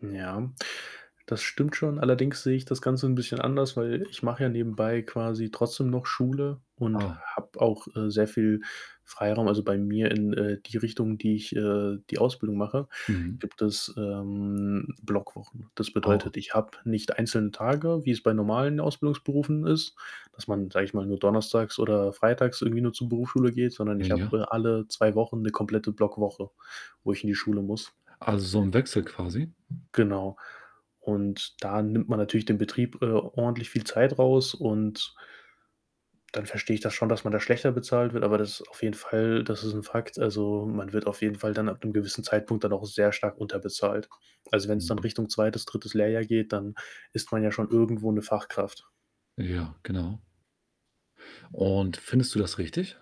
Ja, das stimmt schon, allerdings sehe ich das Ganze 'n bisschen anders, weil ich mache ja nebenbei quasi trotzdem noch Schule und Ah. habe auch, äh, sehr viel Freiraum. Also, bei mir in, äh, die Richtung, die ich, äh, die Ausbildung mache, Mhm. gibt es, ähm, Blockwochen. Das Ah. bedeutet, ich habe nicht einzelne Tage, wie es bei normalen Ausbildungsberufen ist, dass man, sage ich mal, nur donnerstags oder freitags irgendwie nur zur Berufsschule geht, sondern Ja, ich habe, ja. äh, alle 2 Wochen 'ne komplette Blockwoche, wo ich in die Schule muss. Also, so im Wechsel quasi? Genau. Und da nimmt man natürlich dem Betrieb, äh, ordentlich viel Zeit raus und dann verstehe ich das schon, dass man da schlechter bezahlt wird, aber das ist auf jeden Fall das ist 'n Fakt. Also, man wird auf jeden Fall dann ab 'nem gewissen Zeitpunkt dann auch sehr stark unterbezahlt. Also, wenn's dann Mhm. Richtung 2., 3. Lehrjahr geht, dann ist man ja schon irgendwo 'ne Fachkraft. Ja, genau. Und findest du das richtig?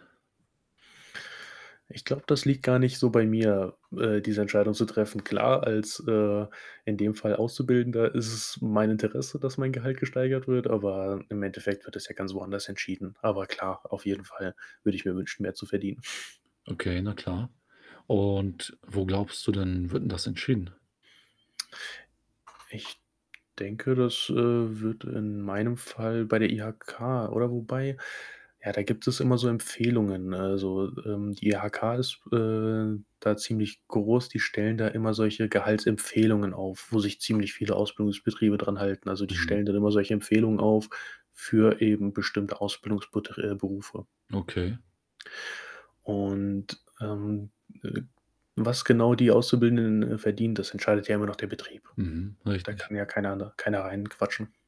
Ich glaube, das liegt gar nicht so bei mir, äh, diese Entscheidung zu treffen. Klar, als, äh, in dem Fall Auszubildender ist es mein Interesse, dass mein Gehalt gesteigert wird, aber im Endeffekt wird das ja ganz woanders entschieden. Aber klar, auf jeden Fall würde ich mir wünschen, mehr zu verdienen. Okay, na klar. Und wo glaubst du denn, wird denn das entschieden? Ich denke, das, äh, wird in meinem Fall bei der IHK oder wobei, ja, da gibt es immer so Empfehlungen. Also, ähm, die IHK ist, äh, da ziemlich groß. Die stellen da immer solche Gehaltsempfehlungen auf, wo sich ziemlich viele Ausbildungsbetriebe dran halten. Also, die Mhm. stellen dann immer solche Empfehlungen auf für eben bestimmte Ausbildungbet äh, Berufe. Okay. Und, ähm, äh was genau die Auszubildenden verdienen, das entscheidet ja immer noch der Betrieb. Mhm, Da richtig. kann ja keiner, ne keiner reinquatschen.